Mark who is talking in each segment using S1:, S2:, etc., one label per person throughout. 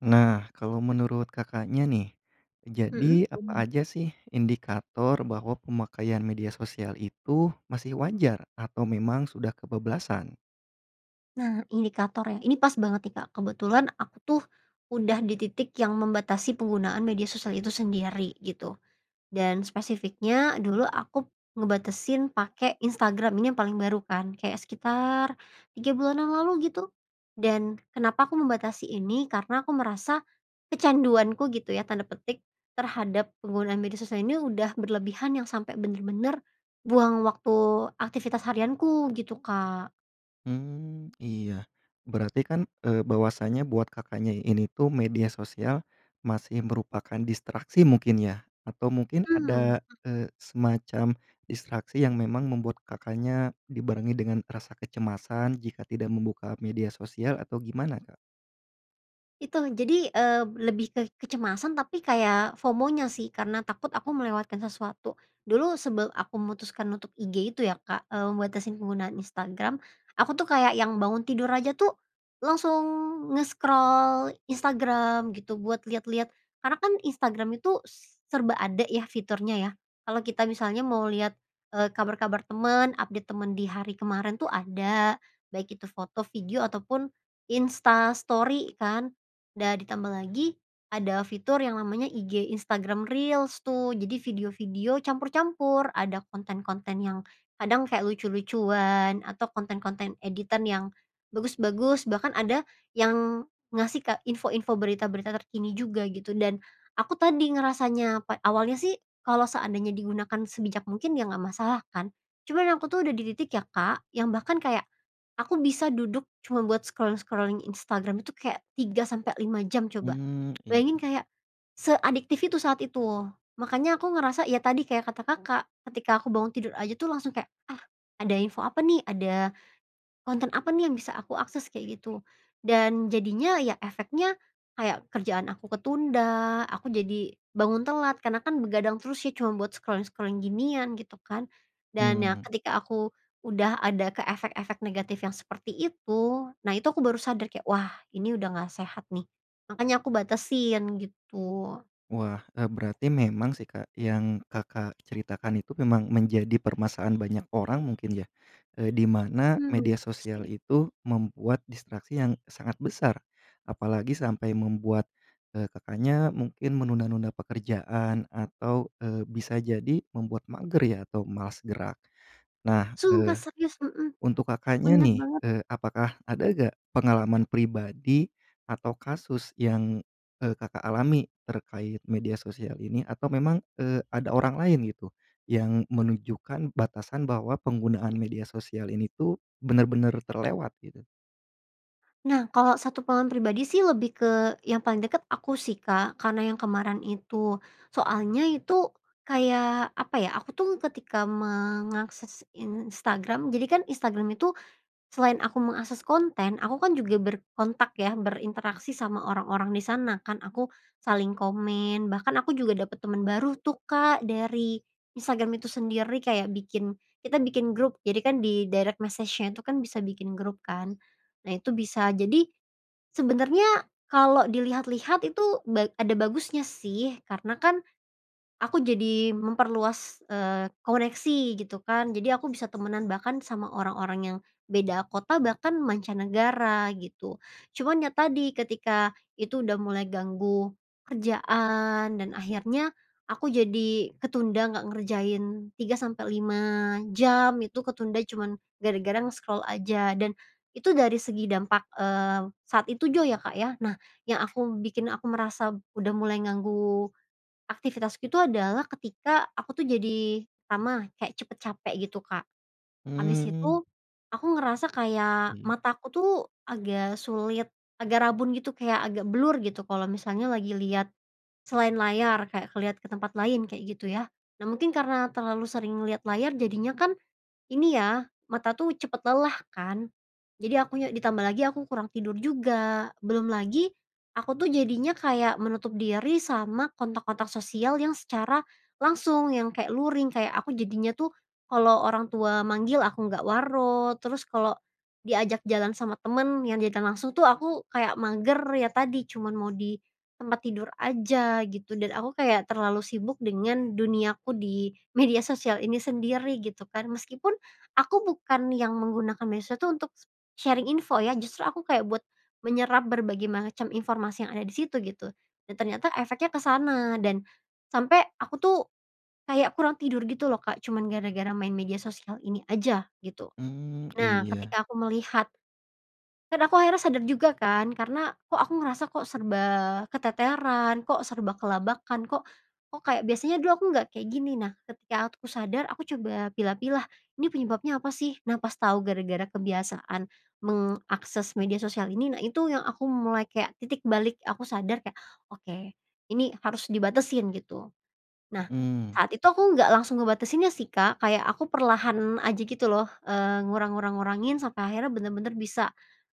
S1: Nah, kalau menurut Kakaknya, nih,
S2: Mhm,
S1: jadi apa
S2: mmm.
S1: aja sih indikator bahwa pemakaian media sosial itu masih wajar, atau memang sudah kebablasan?
S2: Nah, indikator ya, ini pas banget, nih, Kak. Kebetulan aku tuh udah di titik yang membatasi penggunaan media sosial itu sendiri, gitu, dan spesifiknya dulu aku ngebatasin pake Instagram. Ini yang paling baru kan, kayak sekitar 3 bulan yang lalu gitu. Dan kenapa aku membatasi ini, karena aku merasa kecanduanku gitu ya, tanda petik, terhadap penggunaan media sosial ini udah berlebihan yang sampe bener-bener buang waktu aktivitas harianku gitu, Kak.
S1: Mmm, iya. Berarti kan eee, bahwasanya buat Kakaknya ini tuh media sosial masih merupakan distraksi mungkin ya? Atau mungkin
S2: Mmm,
S1: ada,
S2: mhm.
S1: eee, semacam distraksi yang memang membuat Kakaknya dibarengi dengan rasa kecemasan jika tidak membuka media sosial atau gimana, Kak?
S2: Itu. Jadi, eee, lebih ke kecemasan tapi kayak FOMO-nya sih, karena takut aku melewatkan sesuatu. Dulu sebelum aku memutuskan untuk IG itu ya, Kak, eee, membatasi penggunaan Instagram, aku tuh kayak yang bangun tidur aja tuh langsung nge-scroll Instagram gitu buat liat-liat. Karena kan Instagram itu s serba ada ya fiturnya ya. Kalau kita misalnya mau liat, eee, kabar-kabar temen, update temen di hari kemarin tuh ada, baik itu foto, video, ataupun Insta Story kan, da ditambah lagi ada fitur yang namanya IG Instagram Reels tuh. Jadi video-video campur-campur, ada konten-konten yang kadang kayak lucu-lucuan, atau konten-konten editan yang bagus-bagus, bahkan ada yang ngasih ke info-info berita-berita terkini juga gitu, dan aku tadi ngerasanya, pa awalnya sih kalau seandainya digunakan sebijak mungkin ya nggak masalah kan. Cuman aku tuh udah di titik ya, Kak, yang bahkan kayak aku bisa duduk cuma buat scrolling-scrolling Instagram itu kayak 3 sampe 5 jam coba.
S1: Mmm,
S2: Bayangin
S1: iya.
S2: kayak seadiktif itu saat itu. Makanya aku ngerasa, ya tadi kayak kata Kakak, ketika aku bangun tidur aja tuh langsung kayak, "Ah, ada info apa nih? Ada konten apa nih yang bisa aku akses?" Kayak gitu, dan jadinya ya efeknya kayak kerjaan aku ketunda, aku jadi bangun telat karena kan begadang terus ya cuman buat scrolling-scrolling ginian gitu kan. Dan ya
S1: Mmm.
S2: ketika aku udah ada ke efek-efek negatif yang seperti itu, nah, itu aku baru sadar kayak, wah, ini udah nggak sehat, nih. Makanya aku batasin, gitu.
S1: Wah, e berarti memang sih, Kak, yang Kakak ceritakan itu memang menjadi permasalahan banyak orang mungkin ya, eee, di mana
S2: Mmm,
S1: media
S2: betul
S1: sosial
S2: sih.
S1: itu membuat distraksi yang sangat besar, apalagi sampai membuat, eee, Kakaknya mungkin menunda-nunda pekerjaan atau, eee, bisa jadi membuat mager ya atau malas gerak. Nah,
S2: Sumpah,
S1: eh,
S2: serius! Mhm,
S1: untuk Kakaknya,
S2: bener
S1: nih,
S2: banget.
S1: eee, apakah ada nggak pengalaman pribadi atau kasus yang, e Kakak alami terkait media sosial ini? Atau memang, eee, ada orang lain gitu, yang menunjukkan batasan bahwa penggunaan media sosial ini tuh benar-benar terlewat, gitu?
S2: Nah, kalau satu pengalaman pribadi sih lebih ke yang paling deket aku sih, Kak, karena yang kemaren itu soalnya itu kayak, apa ya, aku tuh ketika mengakses Instagram jadi kan Instagram itu selain aku mengakses konten, aku kan juga berkontak ya, berinteraksi sama orang-orang di sana kan. Aku saling komen, bahkan aku juga dapat teman baru tuh, Kak, dari Instagram itu sendiri. Kayak bikin kita bikin grup, jadi kan di direct message-nya itu kan bisa bikin grup kan, nah, itu bisa. Jadi, sebenernya kalau dilihat-lihat itu ba ada bagusnya sih, karena kan aku jadi memperluas, eee, koneksi gitu kan. Jadi aku bisa temenan, bahkan sama orang-orang yang beda kota bahkan mancanegara gitu. Cuman ya tadi, ketika itu udah mulai ganggu kerjaan, dan akhirnya aku jadi ketunda nggak ngerjain 3 sampe 5 jam, itu ketunda cuman gara-gara nge-scroll aja, dan itu dari segi dampak, eee, saat itu juga ya, Kak, ya. Nah, yang aku bikin aku merasa udah mulai ganggu aktivitasku itu adalah ketika aku tuh jadi, pertama kayak cepet capek gitu, Kak.
S1: Mmm,
S2: Habis
S1: mhm.
S2: itu aku ngerasa kayak
S1: Mmm.
S2: mataku tuh agak sulit, agak rabun gitu, kayak agak blur, gitu, kalau misalnya lagi liat selain layar kayak ke liat ke tempat lain, kayak gitu, ya. Nah, mungkin karena terlalu sering liat layar jadinya kan, ini ya, mata tuh cepet lelah kan. Jadi akunya ditambah lagi aku kurang tidur juga, belum lagi aku tuh jadinya kayak menutup diri sama kontak-kontak sosial yang secara langsung, yang kayak luring. Kayak aku jadinya tuh kalau orang tua manggil aku nggak waro, terus kalau diajak jalan sama teman yang diajak langsung tuh aku kayak mager, ya tadi cuman mau di tempat tidur aja gitu, dan aku kayak terlalu sibuk dengan duniaku di media sosial ini sendiri, gitu kan. Meskipun aku bukan yang menggunakan medsos tuh untuk sharing info ya, justru aku kayak buat menyerap berbagai macam informasi yang ada di situ, gitu. Dan ternyata efeknya ke sana dan sampe aku tuh kayak kurang tidur gitu loh, Kak, cuman gara-gara main media sosial ini aja, gitu.
S1: Mmm,
S2: Nah
S1: iya.
S2: ketika aku melihat kan aku akhirnya sadar juga kan karena, "Kok aku ngerasa kok serba keteteran, kok serba kelabakan, kok, kok kayak biasanya dulu aku nggak kayak gini," nah, ketika aku sadar aku coba pilah-pilah, ini penyebabnya apa sih? Nah, pas tau gara-gara kebiasaan meng akses media sosial ini, nah, itu yang aku mulai kayak titik balik aku sadar kayak, "Oke ini harus dibatasin," gitu. Nah,
S1: Mmm.
S2: saat itu aku nggak langsung ngebatasinnya sih, Kak, kayak aku perlahan aja gitu loh, eee, ngurang ngurang ngurangin, sampai akhirnya bener-bener bisa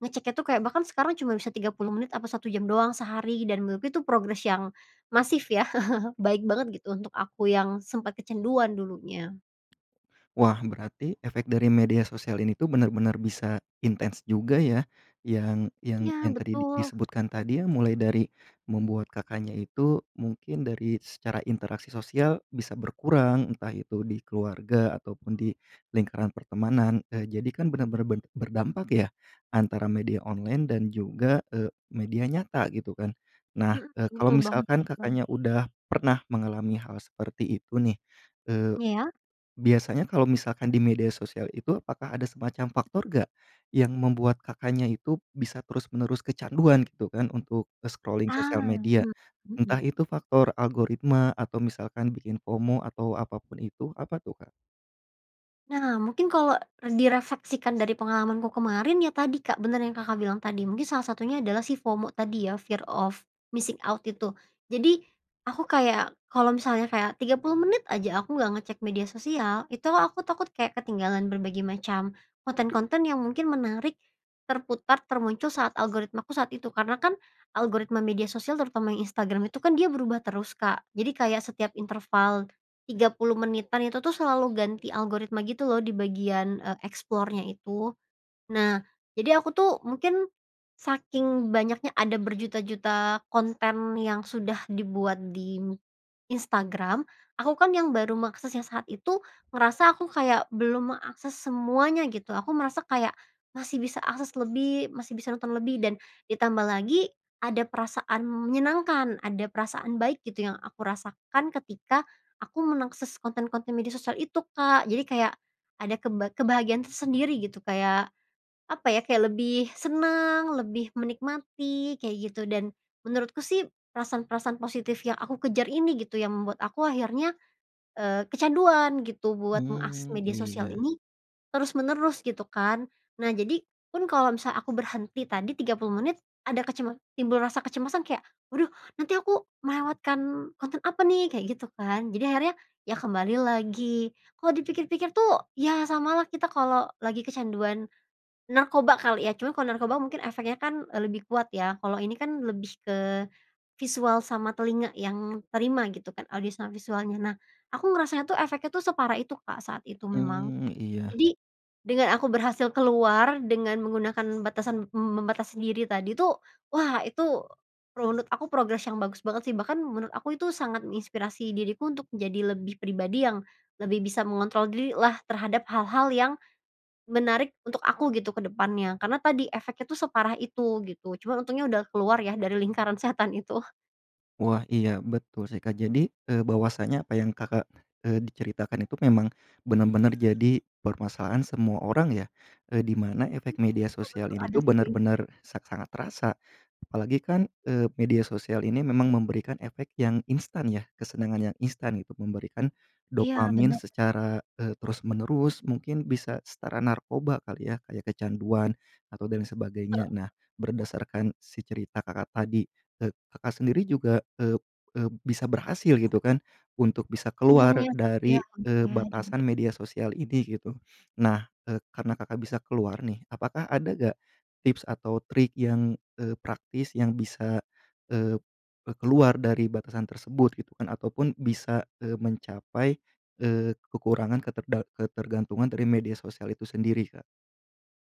S2: ngeceknya tuh, kayak bahkan sekarang cuma bisa 30 menit apa 1 jam doang sehari, dan menurutku itu progres yang masif ya, baik banget gitu untuk aku, yang sempat kecanduan dulunya.
S1: Wah, berarti efek dari media sosial ini tuh benar-benar bisa intens juga ya, yang yang
S2: Iya,
S1: yang tadi di
S2: betul.
S1: disebutkan tadi ya, mulai dari membuat Kakaknya itu mungkin dari secara interaksi sosial bisa berkurang, entah itu di keluarga ataupun di lingkaran pertemanan. Eee, jadi kan benar-benar ber berdampak ya, antara media online dan juga, eee, media nyata gitu kan. Nah,
S2: Mhm,
S1: eee, kalau
S2: betul banget
S1: misalkan
S2: betul banget.
S1: Kakaknya udah pernah mengalami hal seperti itu, nih, eee,
S2: Iya.
S1: biasanya kalau misalkan di media sosial itu apakah ada semacam faktor nggak, yang membuat Kakaknya itu bisa terus menerus kecanduan gitu kan untuk, e scrolling sosial
S2: Ah,
S1: media,
S2: mhm mhm.
S1: entah itu faktor algoritma, atau misalkan bikin FOMO, atau apapun itu. Apa tuh Kak?
S2: Nah, mungkin kalau direfleksikan dari pengalamanku kemarin, ya tadi, Kak, bener yang Kakak bilang tadi. Mungkin salah satunya adalah si FOMO tadi ya, fear of missing out, itu. Jadi aku kayak, kalau misalnya kayak 30 menit aja aku nggak ngecek media sosial, itu o aku takut kayak ketinggalan berbagai macam konten-konten yang mungkin menarik, terputar, termuncul saat algoritmaku saat itu. Karena kan algoritma media sosial, terutama yang Instagram itu, kan dia berubah terus, Kak. Jadi kayak setiap interval 30 menitan itu tuh selalu ganti algoritma, gitu loh, di bagian, e eksplornya itu. Nah, jadi aku tuh mungkin saking banyaknya ada berjuta-juta konten yang sudah dibuat di Instagram, aku kan yang baru mengaksesnya saat itu, ngerasa aku kayak belum mengakses semuanya gitu. Aku merasa kayak masih bisa akses lebih, masih bisa nonton lebih, dan ditambah lagi ada perasaan menyenangkan, ada perasaan baik gitu yang aku rasakan ketika aku mengakses konten-konten media sosial itu, Kak. Jadi kayak ada keba kebahagiaan tersendiri gitu kayak, apa ya, kayak lebih senang, lebih menikmati, kayak gitu, dan menurutku sih perasaan-perasaan positif yang aku kejar ini, gitu, yang membuat aku akhirnya, eee, kecanduan gitu buat mengakses
S1: Hmm,
S2: media sosial
S1: iya.
S2: ini terus-menerus, gitu kan. Nah, jadi pun kalau misalnya aku berhenti tadi, 30 menit, ada kecema timbul rasa kecemasan kayak, waduh nanti aku melewatkan konten apa nih? Kayak gitu kan, jadi akhirnya ya kembali lagi. Kalau dipikir-pikir tuh ya samalah kita kalau lagi kecanduan narkoba kali ya? Cuma kalau narkoba mungkin efeknya kan, e lebih kuat ya, kalau ini kan lebih ke visual sama telinga yang diterima gitu kan, audio sama visualnya. Nah, aku ngerasanya tuh efeknya tuh separah itu, Kak, saat itu memang.
S1: Mmm, iya.
S2: Jadi, dengan aku berhasil keluar, dengan menggunakan batasan membatasi diri tadi tuh, wah, itu runut aku progres yang bagus banget sih, bahkan menurut aku itu sangat menginspirasi diriku untuk menjadi lebih pribadi yang lebih bisa mengontrol dirilah terhadap hal-hal yang menarik untuk aku, gitu, ke depannya. Karena tadi efeknya tuh separah itu, gitu, cuman untungnya udah keluar ya dari lingkaran setan itu.
S1: Wah, iya betul sih, Kak. Jadi, eee, bahwasanya apa yang Kakak, eee, diceritakan itu memang benar-benar jadi permasalahan semua orang ya, eee, di mana
S2: Mmm,
S1: efek media
S2: betul
S1: sosial
S2: betul,
S1: ini
S2: ada
S1: tuh
S2: sih.
S1: benar-benar sa sangat terasa, apalagi kan, eee, media sosial ini memang memberikan efek yang instan ya, kesenangan yang instan untuk memberikan
S2: Iya,
S1: dopamin
S2: bener bener.
S1: secara, eee, terus menerus, mungkin bisa setara narkoba kali ya, kayak kecanduan atau dan lain sebagainya.
S2: Heeh.
S1: Nah, berdasarkan si cerita Kakak tadi, e Kakak sendiri juga, eee eee, bisa berhasil gitu kan untuk bisa keluar
S2: Untungnya, iya,
S1: dari, eee,
S2: untungnya. [unintelligible]
S1: batasan media sosial ini gitu. Nah, eee, karena Kakak bisa keluar, nih, apakah ada nggak tips atau trik yang, eee, praktis yang bisa, eee, e keluar dari batasan tersebut, gitu kan, ataupun bisa, eee, mencapai, eee, kekurangan keterda ketergantungan dari media sosial itu sendiri, Kak?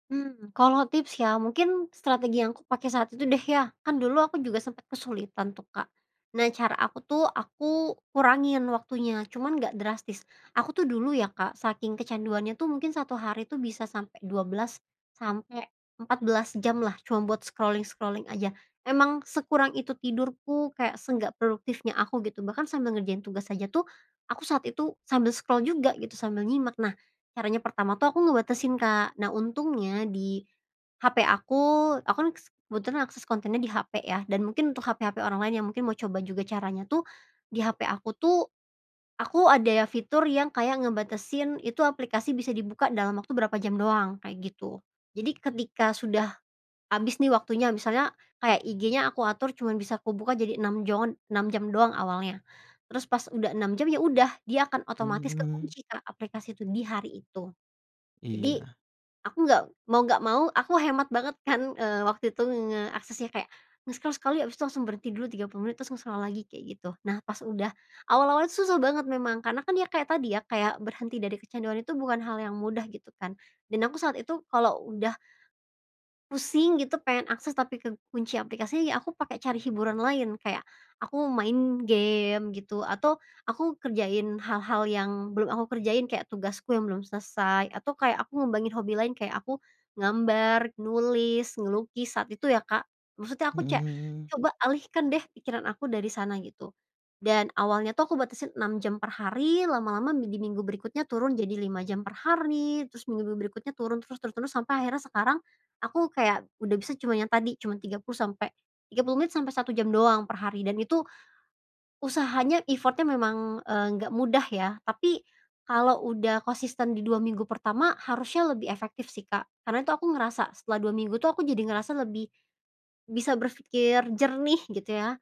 S2: Hmm, kalau tips ya, mungkin strategi yang aku pakai saat itu deh ya, kan dulu aku juga sempat kesulitan tuh, Kak. Nah, cara aku tuh aku kurangin waktunya, cuman nggak drastis. Aku tuh dulu ya, Kak, saking kecanduannya tuh mungkin 1 hari tuh bisa sampe 12 sampe 14 jamlah cuma buat scrolling-scrolling aja. Emang sekurang itu tidurku, kayak seenggak produktifnya aku gitu, bahkan sambil ngerjain tugas aja tuh, aku saat itu sambil scroll juga gitu, sambil nyimak. Nah, caranya pertama tuh aku ngebatasin, Kak. Nah untungnya di HP aku, aku kan s kebetulan akses kontennya di HP ya, dan mungkin untuk HP-HP orang lain yang mungkin mau coba juga caranya tuh, di HP aku tuh aku ada fitur yang kayak ngebatasin itu aplikasi bisa dibuka dalam waktu berapa jam doang, kayak gitu. Jadi ketika sudah habis nih waktunya, misalnya kayak IG-nya aku atur cuman bisa kubuka jadi 6 joan 6 jam doang awalnya. Terus pas udah 6 jam, ya udah, dia akan otomatis
S1: Mhm.
S2: kekunci, Kak, aplikasi itu di hari itu. Jadi,
S1: Iya.
S2: aku nggak mau nggak mau, aku hemat banget kan, eee, waktu itu ngeaksesnya kayak, nge-scroll sekali abis itu langsung berhenti dulu 30 menit, terus nge-scroll lagi, kayak gitu. Nah, pas udah awal-awalnya susah banget memang, karena kan dia kayak tadi ya, kayak berhenti dari kecanduan itu bukan hal yang mudah, gitu kan. Dan aku saat itu kalau udah pusing gitu, pengen akses tapi kekunci aplikasi, ya aku pake cari hiburan lain. Kayak aku main game gitu, atau aku kerjain hal-hal yang belum aku kerjain kayak tugasku yang belum selesai, atau kayak aku ngembangin hobi lain kayak aku ngambar nulis, ngelukis saat itu ya, Kak. Maksudnya aku
S1: Mhm
S2: ce
S1: mhm.
S2: coba alihkan deh pikiran aku dari sana, gitu. Dan awalnya tuh aku batasin 6 jam per hari, lama-lama mi di minggu berikutnya turun jadi 5 jam per hari, terus minggu-minggu berikutnya turun, terus terus terus sampai akhirnya sekarang aku kayak udah bisa cuman yang tadi, cuman 30 sampe 30 menit sampe 1 jam doang per hari. Dan itu usahanya, effort-nya memang, eee, nggak mudah ya. Tapi kalau udah konsisten di 2 minggu pertama harusnya lebih efektif sih, Kak, karena itu aku ngerasa setelah 2 minggu tuh aku jadi ngerasa lebih bisa berpikir jernih gitu ya.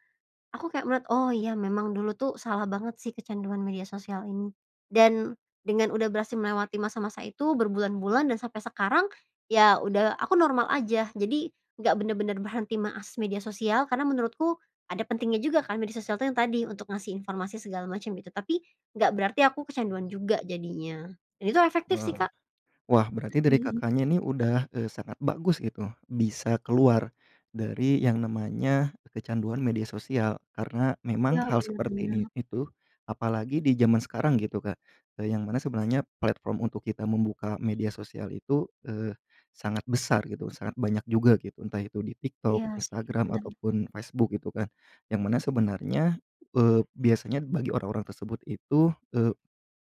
S2: Aku kayak menurut "Oh iya memang dulu tuh salah banget sih kecanduan media sosial ini." Dan dengan udah berhasil melewati masa-masa itu berbulan-bulan dan sampai sekarang, ya udah aku normal aja. Jadi nggak bener-bener berhenti mengakses media sosial, karena menurutku ada pentingnya juga kan media sosial tuh yang tadi, untuk ngasih informasi segala macam gitu. Tapi nggak berarti aku kecanduan juga jadinya, dan itu efektif sih,
S1: Wah
S2: Kak.
S1: wah, berarti dari
S2: Mhm.
S1: Kakaknya, nih, udah, eee, sangat bagus gitu, bisa keluar dari yang namanya kecanduan media sosial. Karena memang
S2: Iya,
S1: hal
S2: bener
S1: seperti ini
S2: bener.
S1: itu apalagi di jaman sekarang gitu, Kak, eee, yang mana sebenarnya platform untuk kita membuka media sosial itu, eee, sangat besar gitu, sangat banyak juga gitu, entah itu di Tiktok,
S2: Iya sih,
S1: Instagram,
S2: bener bener.
S1: ataupun Facebook, gitu kan. Yang mana sebenarnya, eee, biasanya bagi orang-orang tersebut itu, eee,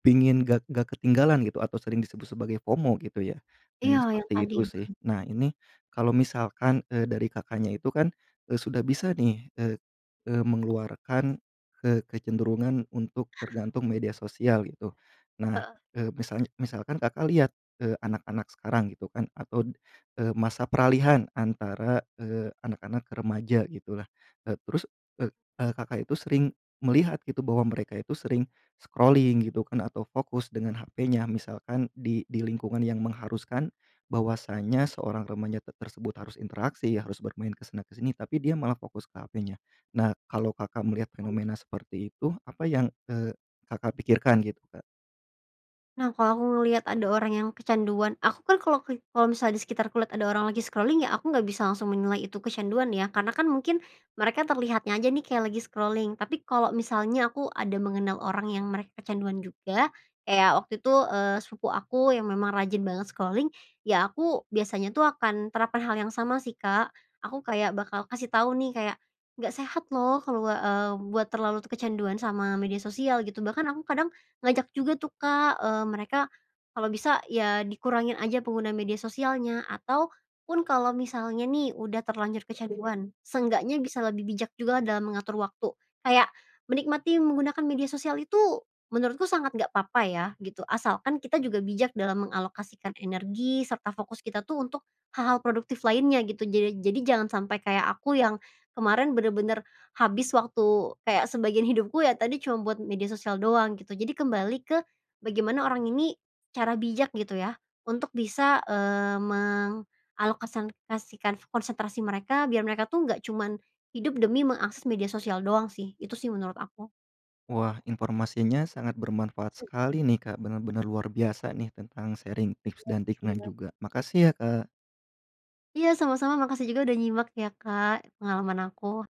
S1: pingin nggak nggak ketinggalan gitu, atau sering disebut sebagai FOMO, gitu ya,
S2: Iya,
S1: memang
S2: yang
S1: seperti
S2: tadi,
S1: itu sih.
S2: heeh.
S1: Nah, ini kalau misalkan, eee, dari Kakaknya itu kan, eee, sudah bisa, nih, eee eee, mengeluarkan, ke kecenderungan untuk tergantung media sosial gitu. Nah,
S2: Heeh.
S1: eee, misalnya misalkan Kakak lihat, eee, anak-anak sekarang gitu kan, atau, eee, masa peralihan antara, eee, anak-anak remaja gitulah, e terus, e
S2: Hmm.
S1: eee, Kakak itu sering melihat gitu bahwa mereka itu sering scrolling gitu kan atau fokus dengan HP-nya, misalkan di di lingkungan yang mengharuskan bahwasanya seorang remaja t tersebut harus interaksi, harus bermain ke sana ke sini tapi dia malah fokus ke HP-nya. Nah, kalau Kakak melihat
S2: [unintelligible]
S1: fenomena seperti itu, apa yang, eee, Kakak pikirkan gitu, Kak?
S2: Nah, kalau aku ngeliat ada orang yang kecanduan aku kan kalau ke kalau misal di sekitarku lihat ada orang lagi scrolling ya aku nggak bisa langsung menilai itu kecanduan ya, karena kan mungkin mereka terlihatnya aja nih kayak lagi scrolling, tapi kalau misalnya aku ada mengenal orang yang mereka kecanduan juga, kayak waktu itu, eee, sepupu aku yang memang rajin banget scrolling, ya aku biasanya tuh akan terapkan hal yang sama sih, Kak. Aku kayak bakal kasih tau, nih, kayak, "Nggak sehat loh kalau, eee, buat terlalu kecanduan sama media sosial," gitu. Bahkan aku kadang ngajak juga tuh, Kak, eee, mereka kalau bisa ya dikurangin aja penggunaan media sosialnya. Atau, pun kalau misalnya nih udah terlanjur kecanduan, seenggaknya bisa lebih bijak juga dalam mengatur waktu. Kayak menikmati menggunakan media sosial itu menurutku sangat nggak apa-apa ya, gitu, asalkan kita juga bijak dalam mengalokasikan energi serta fokus kita tuh untuk hal-hal produktif lainnya gitu. Jered jadi jangan sampai kayak aku yang kemarin bener-bener habis waktu kayak sebagian hidupku ya tadi cuman buat media sosial doang gitu. Jadi kembali ke bagaimana orang ini secara bijak gitu ya untuk bisa, eee, mengalokasikan konsentrasi mereka biar mereka tuh nggak cuman hidup demi mengakses media sosial doang sih. Itu sih menurut aku.
S1: Wah, informasinya sangat bermanfaat
S2: Mhm.
S1: sekali, nih, Kak. Benar-benar luar biasa, nih, tentang sharing tips dan triknya
S2: Iya iya.
S1: juga. Makasih ya, Kak
S2: Iya, sama-sama, makasih juga udah nyimak ya, Kak, pengalaman aku.